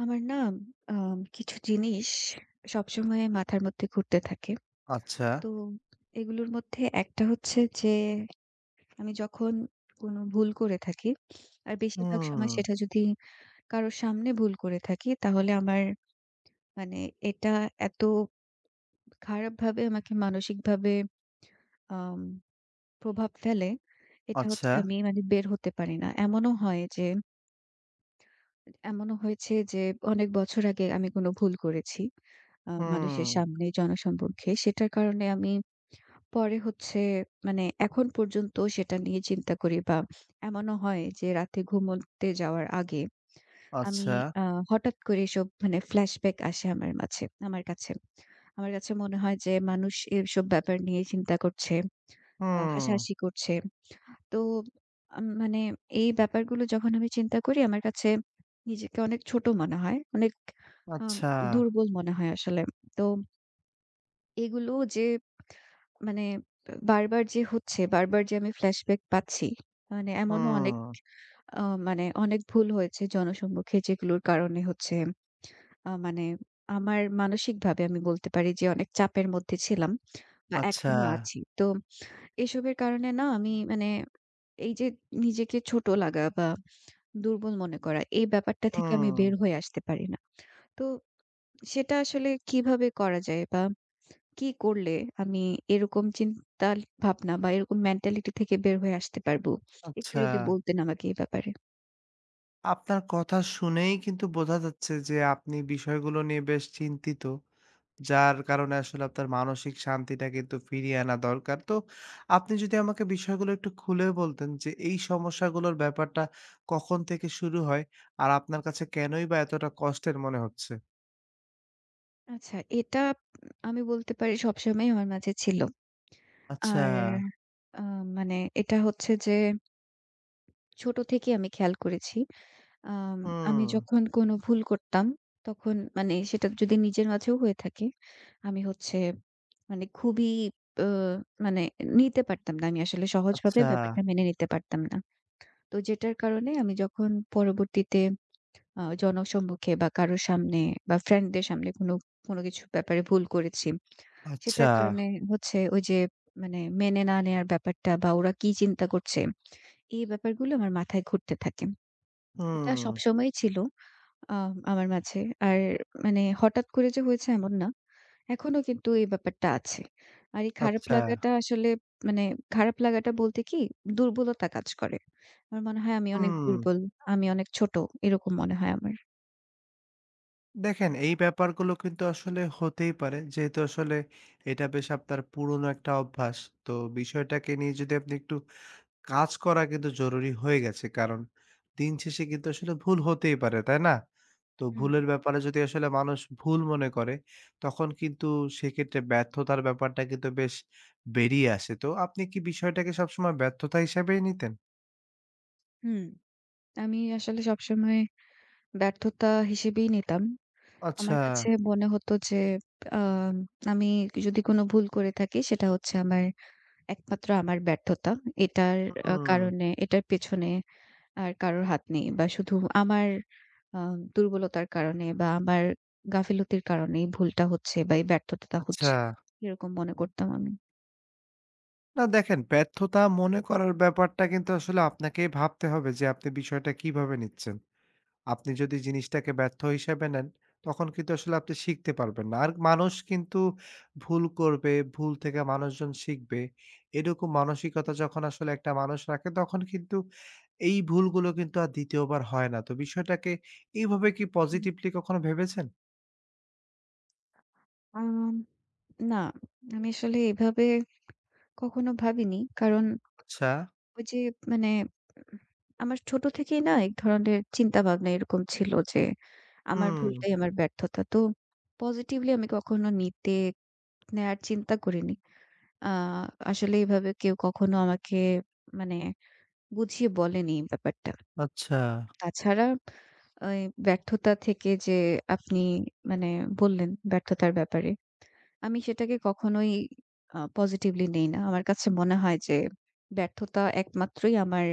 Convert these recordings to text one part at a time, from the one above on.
আমার না, আ কিছু জিনিস সবসময় মাথার মধ্যে ঘুরতে থাকে আচ্ছা। তো এগুলোর মধ্যে একটা হচ্ছে যে, আমি যখন কোন ভুল করে থাকি আর বেশিরভাগ সময় হুম। সেটা যদি কারো সামনে ভুল করে থাকি তাহলে আমার মানে এটা এত খারাপভাবে আমাকে মানসিকভাবে, আম প্রভাব ফেলে। এটা হচ্ছে আচ্ছা। আমি মানে বের হতে পারি না। এমনও হয় যে এমনও হয়েছে যে অনেক বছর আগে আমি কোন ভুল করেছি, আ মানুষের হুম। সামনে, জনসম্মুখে। সেটার কারণে আমি পরে হচ্ছে মানে এখন পর্যন্ত সেটা নিয়ে চিন্তা করি বা এমনও হয় যে রাতে ঘুমোতে যাওয়ার আগে আমি আচ্ছা। আ হঠাৎ করে এসব মানে flashback আসে আমার মাঝে, আমার কাছে। আমার কাছে মনে হয় যে মানুষ এসব ব্যাপার নিয়ে চিন্তা করছে আ হুম। হাসাহাসি করছে। তো, আম মানে এই ব্যাপারগুলো যখন আমি চিন্তা করি আমার কাছে নিজেকে অনেক ছোট মনে হয়, অনেক আ আচ্ছা। দুর্বল মনে হয় আসলে তো এগুলো যে মানে বারবার যে হচ্ছে, বারবার যে আমি flashback পাচ্ছি মানে এমনও অনেক, হুম। আ মানে অনেক ভুল হয়েছে জনসম্মুখে যেগুলোর কারণে হচ্ছে, আ মানে আমার মানসিকভাবে আমি বলতে পারি যে অনেক চাপের মধ্যে ছিলাম বা আচ্ছা। এখনো আছি। তো এসবের কারণে না আমি মানে এই যে নিজেকে ছোট লাগা বা দুর্বল মনে করা এই ব্যাপারটা থেকে আমি বের হুম। হয়ে আসতে পারি না। তো সেটা আসলে কিভাবে করা যায় বা কি করলে আমি এরকম চিন্তাভাবনা বা এরকম mentality থেকে বের হয়ে আসতে পারবো? একটু আচ্ছা। যদি বলতেন আমাকে এই ব্যাপারে। আপনার কথা শুনেই কিন্তু বোঝা যাচ্ছে যে আপনি বিষয়গুলো নিয়ে বেশ চিন্তিত। যার কারণে আসলে আপনার মানসিক শান্তিটা কিন্তু ফিরিয়ে আনা দরকার। তো আপনি যদি আমাকে বিষয়গুলো একটু খুলে বলতেন যে, এই সমস্যাগুলোর ব্যাপারটা কখন থেকে শুরু হয় আর আপনার কাছে কেনই বা এতটা কষ্টের মনে হচ্ছে? আচ্ছা, এটা উ আমি বলতে পারি সবসময়ই আমার মাঝে ছিল। আচ্ছা। আর আ মানে এটা হচ্ছে যে ছোট থেকেই আমি খেয়াল করেছি আম আমি হুম। যখন কোনো ভুল করতাম, তখন মানে সেটা যদি নিজের মাঝেও হয়ে থাকে, আমি হচ্ছে মানে খুবই অ মানে নিতে পারতাম না। আমি আসলে সহজভাবে আচ্ছা। ব্যাপারটা মেনে নিতে পারতাম না। তো যেটার কারণে আমি যখন পরবর্তীতে আ জনসম্মুখে বা কারো সামনে বা friend-দের সামনে কোনো কোনো কিছু ব্যাপারে ভুল করেছি, আচ্ছা। সেটার কারণে হচ্ছে ওই যে মানে মেনে না নেয়ার ব্যাপারটা, বা ওরা কি চিন্তা করছে, এই ব্যাপারগুলো আমার মাথায় ঘুরতে থাকে। এটা হুম। সবসময়ই ছিল আ আমার মাঝে। আর মানে হঠাৎ করে যে হয়েছে, এমন না। এখনো কিন্তু এই ব্যাপারটা আছে। আর এই খারাপ আচ্ছা। লাগাটা আসলে মানে খারাপ লাগাটা বলতে কি, দুর্বলতা কাজ করে। আমার মনে হয় আমি অনেক হুম। দুর্বল, আমি অনেক ছোট, এরকম মনে হয় আমার। দেখেন এই ব্যাপারগুলো কিন্তু আসলে হতেই পারে। যেহেতু আসলে এটা বেশ আপনার পুরনো একটা অভ্যাস। তো বিষয়টাকে নিয়ে যদি আপনি একটু কাজ করা কিন্তু জরুরি হয়ে গেছে। কারণ দিনশেষে কিন্তু আসলে ভুল হতেই পারে, তাই না? তো হুম। ভুলের ব্যাপারে যদি আসলে মানুষ ভুল মনে করে তখন কিন্তু সেক্ষেত্রে ব্যর্থতার ব্যাপারটা কিন্তু বেশ বেরিয়ে আসে। তো আপনি কি বিষয়টাকে সবসময় ব্যর্থতা হিসেবেই নিতেন? হুম। আমি আসলে সবসময় ব্যর্থতা হিসেবেই নিতাম। আমার আচ্ছা। কাছে মনে হতো যে আম আমি যদি কোন ভুল করে থাকি সেটা হচ্ছে আমার একমাত্র আমার ব্যর্থতা। এটার উ আ হুম। কারণে, এটার পেছনে আর কারোর হাত নেই বা শুধু আমার আ দুর্বলতার কারণে বা আমার গাফিলতির কারণেই ভুলটা হচ্ছে বা এই ব্যর্থতাটা আচ্ছা। হচ্ছে এরকম মনে করতাম আমি। না দেখেন, ব্যর্থতা মনে করার ব্যাপারটা কিন্তু আসলে আপনাকেই ভাবতে হবে যে আপনি বিষয়টা কিভাবে নিচ্ছেন। আপনি যদি জিনিসটাকে ব্যর্থ হিসেবে নেন তখন কিন্তু আসলে আপনি শিখতে পারবেন না। আর মানুষ কিন্তু ভুল করবে। ভুল থেকে মানুষজন শিখবে। এরকম মানসিকতা যখন আসলে একটা মানুষ রাখে তখন কিন্তু এই ভুলগুলো কিন্তু আর ২য় বার হয় না। তো বিষয়টাকে এভাবে কি হুম। positively কখনো ভেবেছেন? আম না, আমি আসলে এভাবে কখনো ভাবিনি। কারণ আচ্ছা। ওই যে মানে উ আমার ছোট থেকেই না এক ধরনের চিন্তাভাবনা এরকম ছিল যে আমার হুম। ভুলটাই আমার ব্যর্থতা। তো positively আমি কখনো নিতে, নেয়ার চিন্তা করিনি। আ আসলে এভাবে কেউ কখনো আমাকে মানে বুঝিয়ে বলেনি এই ব্যাপারটা। আচ্ছা। তাছাড়া ওই ব্যর্থতা থেকে যে আপনি মানে বললেন ব্যর্থতার ব্যাপারে, আমি সেটাকে কখনোই আ positively নেই না। আমার কাছে মনে হয় যে ব্যর্থতা একমাত্রই আমার,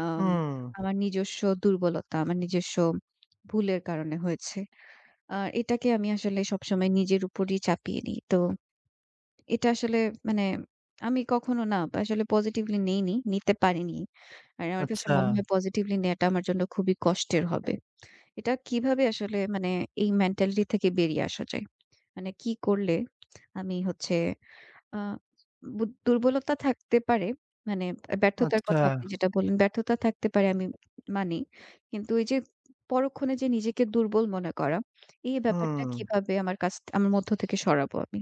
আম হুম। আমার নিজস্ব দুর্বলতা, আমার নিজস্ব ভুলের কারণে হয়েছে। আ এটাকে আমি আসলে সবসময় নিজের উপরই চাপিয়ে নিই। তো এটা আসলে মানে আমি কখনো না আসলে positively নেইনি, নিতে পারিনি। আর আমার কাছে আচ্ছা। মনে হয় positively নেয়াটা আমার জন্য খুবই কষ্টের হবে। এটা কিভাবে আসলে মানে এই mentality থেকে বেরিয়ে আসা যায়? মানে কি করলে আমি হচ্ছে আ বু দুর্বলতা থাকতে পারে মানে ব্যর্থতার আচ্ছা। কথা আপনি যেটা বললেন ব্যর্থতা থাকতে পারে আমি মানি। কিন্তু ওই যে পরক্ষণে যে নিজেকে দুর্বল মনে করা এই ব্যাপারটা হুম। কিভাবে আমার কাছ আমার মধ্য থেকে সরাবো আমি?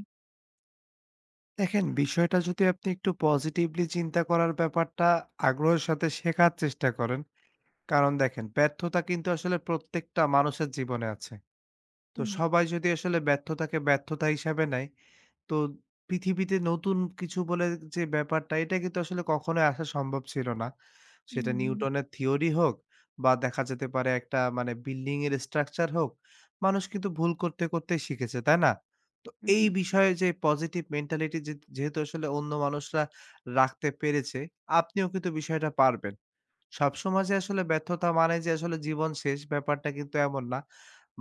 দেখেন, বিষয়টা যদি আপনি একটু positively চিন্তা করার ব্যাপারটা আগ্রহের সাথে শেখার চেষ্টা করেন। কারণ দেখেন ব্যর্থতা কিন্তু আসলে প্রত্যেকটা মানুষের জীবনে আছে। তো হুম। সবাই যদি আসলে ব্যর্থতাকে ব্যর্থতা হিসেবে নেয়, তো পৃথিবীতে নতুন কিছু বলে যে ব্যাপারটা এটা কিন্তু আসলে কখনোই আসা সম্ভব ছিল না। উম, সেটা হুম। নিউটনের থিওরি হোক বা দেখা যেতে পারে একটা মানে building এর structure হোক, মানুষ কিন্তু ভুল করতে করতেই শিখেছে, তাই না? উম, এই হুম। বিষয়ে যে positive mentality যে যেহেতু আসলে অন্য মানুষরা রাখতে পেরেছে, আপনিও কিন্তু বিষয়টা পারবেন। সব সময় যে আসলে ব্যর্থতা মানে যে আসলে জীবন শেষ, ব্যাপারটা কিন্তু এমন না।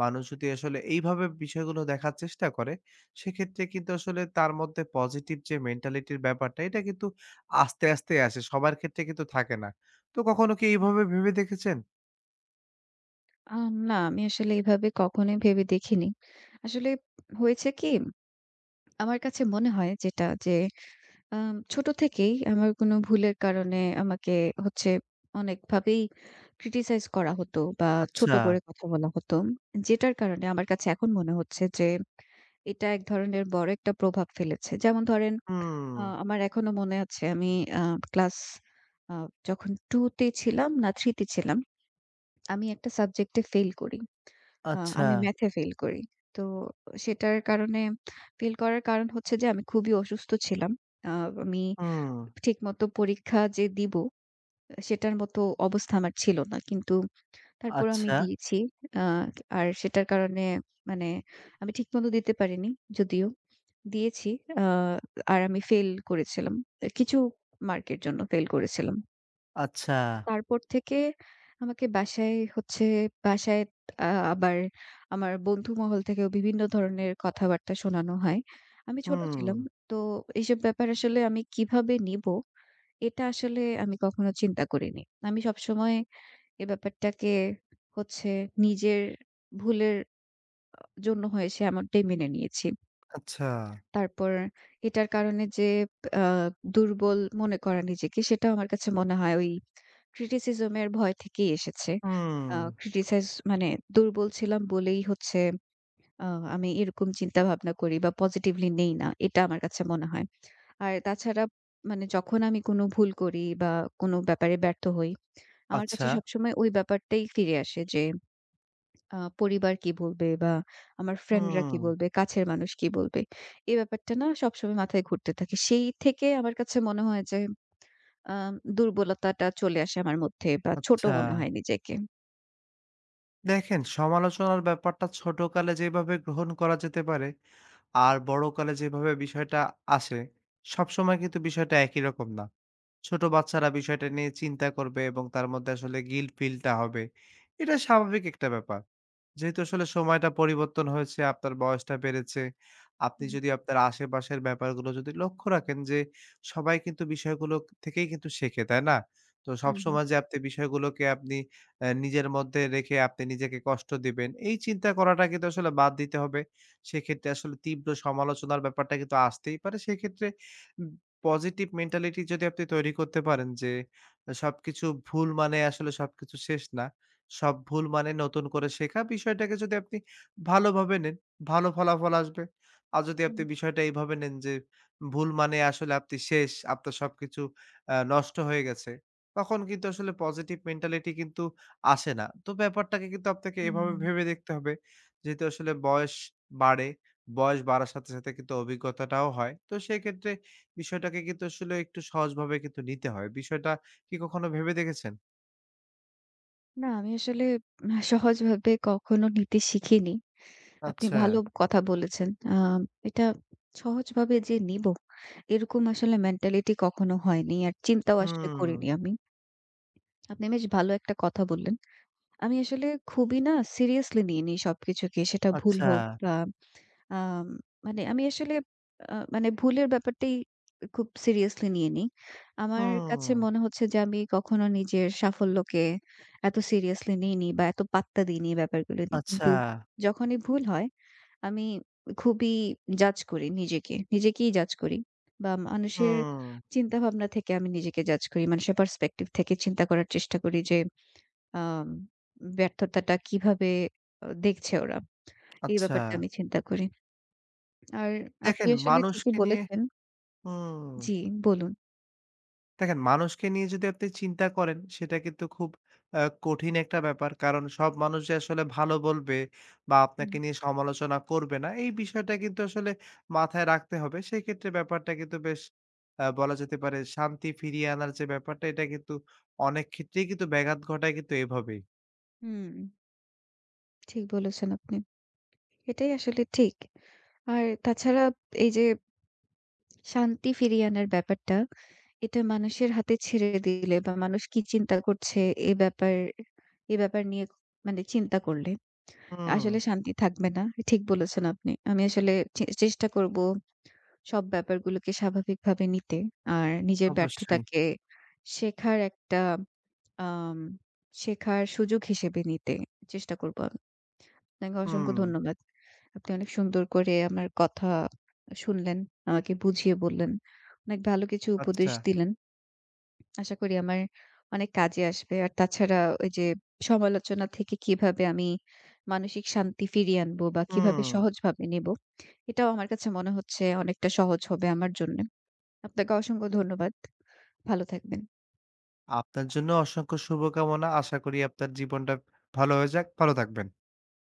মানুষ যদি আসলে এইভাবে বিষয়গুলো দেখার চেষ্টা করে, সেক্ষেত্রে কিন্তু আসলে তার মধ্যে positive যে mentality-র ব্যাপারটা এটা কিন্তু আস্তে, আস্তে আসে, সবার ক্ষেত্রে কিন্তু থাকে না। তো কখনো কি [unintelligible] এইভাবে ভেবে দেখেছেন? আম না, আমি আসলে এভাবে কখনোই ভেবে দেখিনি। আসলে হয়েছে কি, আমার কাছে মনে হয় যেটা যে, আম ছোট থেকেই আমার কোনো ভুলের কারণে আমাকে হচ্ছে অনেকভাবেই criticize করা হতো বা ছোট আচ্ছা। করে কথা বলা হতো। যেটার কারণে আমার কাছে এখন মনে হচ্ছে যে, এটা এক ধরনের বড় একটা প্রভাব ফেলেছে। যেমন ধরেন, আ হুম। আমার এখনো মনে আছে আমি, আ class আ যখন 2 তে ছিলাম না 3 তে ছিলাম। আমি একটা subject এ fail করি। আ আচ্ছা। আমি math এ fail করি। তো সেটার কারণে, fail করার কারণ হচ্ছে যে, আমি খুবই অসুস্থ ছিলাম। আ আমি হুম। ঠিকমতো পরীক্ষা যে দিবো, অ্যা সেটার মতো অবস্থা আমার ছিল না, কিন্তু তারপরও আমি আচ্ছা। দিয়েছি। আ আর সেটার কারণে মানে আমি ঠিকমতো দিতে পারিনি যদিও দিয়েছি, আ আর আমি fail করেছিলাম। তা কিছু mark এর জন্য fail করেছিলাম। আচ্ছা। [unintelligible] তারপর থেকে আমাকে বাসায় হচ্ছে, বাসায় আ আবার আমার বন্ধুমহল থেকেও বিভিন্ন ধরনের কথাবার্তা শোনানো হয়। আমি ছোট ছিলাম। হুম। তো এসব ব্যাপার আসলে আমি কিভাবে নিবো? এটা আসলে আমি কখনো চিন্তা করিনি। আমি সবসময় এ ব্যাপারটাকে হচ্ছে নিজের ভুলের আ জন্য হয়েছে এমনটাই মেনে নিয়েছি। আচ্ছা। তারপর এটার কারণে যে, আ দুর্বল মনে করা নিজেকে, সেটাও আমার কাছে মনে হয় ওই criticism এর ভয় থেকেই এসেছে। আ হুম। criticize মানে দুর্বল ছিলাম বলেই হচ্ছে আ আমি এরকম চিন্তাভাবনা করি বা positively নেই না, এটা আমার কাছে মনে হয়। আর তাছাড়া মানে যখন আমি কোনো ভুল করি বা কোনো ব্যাপারে ব্যর্থ হই, আমার কাছে আচ্ছা। সবসময় ওই ব্যাপারটাই ফিরে আসে যে, আ পরিবার কি বলবে? বা আমার friend রা কি হুম। বলবে? কাছের মানুষ কি বলবে? এই ব্যাপারটা না সবসময় মাথায় ঘুরতে থাকে। সেই থেকে আমার কাছে মনে হয় যে, আ দুর্বলতাটা চলে আসে আমার মধ্যে বা ছোট আচ্ছা। মনে হয় নিজেকে। দেখেন সমালোচনার ব্যাপারটা ছোটকালে যেইভাবে গ্রহণ করা যেতে পারে আর বড়কালে যেভাবে বিষয়টা আসে, সব সময় কিন্তু বিষয়টা একই রকম না। ছোট বাচ্চারা বিষয়টা নিয়ে চিন্তা করবে এবং তার মধ্যে আসলে guilt feel-টা হবে। এটা স্বাভাবিক একটা ব্যাপার। যেহেতু আসলে সময়টা পরিবর্তন হয়েছে, আপনার বয়সটা বেড়েছে। আপনি হুম, হুম। যদি আপনার আশেপাশের ব্যাপারগুলো যদি লক্ষ্য রাখেন যে সবাই কিন্তু বিষয়গুলো থেকেই কিন্তু শেখে, তাই না? তো সব হুম, হুম। সময় যে আপনি বিষয়গুলোকে আপনি অ্যা নিজের মধ্যে রেখে আপনি নিজেকে কষ্ট দিবেন এই চিন্তা করাটা কিন্তু আসলে বাদ দিতে হবে। সেক্ষেত্রে আসলে তীব্র সমালোচনার ব্যাপারটা কিন্তু আসতেই পারে। সেক্ষেত্রে উম positive mentality যদি আপনি তৈরি করতে পারেন। যে সবকিছু ভুল মানে আসলে সবকিছু শেষ না। সব ভুল মানে নতুন করে শেখা। বিষয়টাকে যদি আপনি ভালোভাবে নেন ভালো ফলাফল আসবে। আর যদি হুম। আপনি বিষয়টা এইভাবে নেন যে ভুল মানে আসলে আপনি শেষ, আপনার সবকিছু অ্যা নষ্ট হয়ে গেছে তখন কিন্তু আসলে positive mentality কিন্তু আসে না। তো ব্যাপারটাকে কিন্তু আপনাকে হুম, এইভাবে হুম, হুম। ভেবে দেখতে হবে। যেহেতু আসলে বয়স বাড়ে। বয়স বাড়ার সাথে, সাথে কিন্তু অভিজ্ঞতাটাও হয়। তো সেক্ষেত্রে বিষয়টাকে কিন্তু আসলে একটু সহজভাবে কিন্তু নিতে হয়। বিষয়টা কি কখনো ভেবে দেখেছেন? না, আমি আসলে আ সহজভাবে কখনো নিতে শিখিনি। আপনি ভালো আচ্ছা। কথা বলেছেন। আ এটা সহজভাবে যে নিবো এরকম আসলে মেন্টালিটি কখনো হয়নি আর চিন্তাও আসলে হুম। করিনি আমি। আপনি বেশ ভালো একটা কথা বললেন। আমি আসলে খুবই না সিরিয়াসলি নিয়ে নি সবকিছুকে। সেটা ভুল আচ্ছা। হোক আ আ মানে আমি আসলে আ মানে ভুলের ব্যাপারটাই খুব সিরিয়াসলি নিয়ে নি। আমার কাছে হুম। মনে হচ্ছে যে, আমি কখনো নিজের সাফল্যকে এত সিরিয়াসলি নিই নি বা এত পাত্তা দিইনি ব্যাপারগুলো নিয়ে। আচ্ছা। কিন্তু যখনই ভুল হয় আমি খুবই জাজ করি নিজেকে। নিজেকেই জাজ করি বা মানুষের হুম। চিন্তাভাবনা থেকে আমি নিজেকে জাজ করি। মানুষের পারস্পেক্টিভ থেকে চিন্তা করার চেষ্টা করি যে, আ ব্যর্থতাটা কিভাবে আ দেখছে ওরা। এই ব্যাপারটা আচ্ছা। আমি চিন্তা করি। আর আপনি দেখেন আসলে ঠিকই মানুষকে নিয়ে বলেছেন হুম জি বলুন। দেখেন মানুষকে নিয়ে যদি আপনি চিন্তা করেন সেটা কিন্তু খুব আ কঠিন একটা ব্যাপার। কারণ সব মানুষ যে আসলে ভালো বলবে বা হুম। আপনাকে নিয়ে সমালোচনা করবে না এই বিষয়টা কিন্তু আসলে মাথায় রাখতে হবে। সেক্ষেত্রে ব্যাপারটা কিন্তু বেশ আ বলা যেতে পারে শান্তি ফিরিয়ে আনার যে ব্যাপারটা এটা কিন্তু অনেক ক্ষেত্রেই কিন্তু ব্যাঘাত ঘটায় কিন্তু এভাবেই। হুম। ঠিক বলেছেন আপনি। এটাই আসলে ঠিক। আর তাছাড়া এই যে শান্তি ফিরিয়ে আনার ব্যাপারটা এটা মানুষের হাতে ছেড়ে দিলে বা মানুষ কি চিন্তা করছে এ ব্যাপার এ ব্যাপার নিয়ে খু মানে চিন্তা করলে আসলে হুম। শান্তি থাকবে না। ঠিক বলেছেন আপনি। আমি আসলে চে চেষ্টা করবো সব ব্যাপারগুলোকে স্বাভাবিকভাবে নিতে আর নিজের অবশ্যই। ব্যর্থতাকে শেখার একটা, আম শেখার সুযোগ হিসেবে নিতে চেষ্টা করবো আমি। আপনাকে অসংখ্য হুম। ধন্যবাদ। আপনি অনেক সুন্দর করে আমার কথা আ শুনলেন। আমাকে বুঝিয়ে বললেন। অনেক ভালো কিছু আচ্ছা। উপদেশ দিলেন। আশা করি আমার অনেক কাজে আসবে। আর তাছাড়া ওইযে সমালোচনা থেকে কিভাবে আমি মানসিক শান্তি ফিরিয়ে আনবো বা কিভাবে হুম। সহজভাবে নিবো এটাও আমার কাছে মনে হচ্ছে অনেকটা সহজ হবে আমার জন্যে। আপনাকে অসংখ্য ধন্যবাদ। ভালো থাকবেন। আপনার জন্য অসংখ্য শুভকামনা। আশা করি আপনার জীবনটা ভালো হয়ে যাক। ভালো থাকবেন।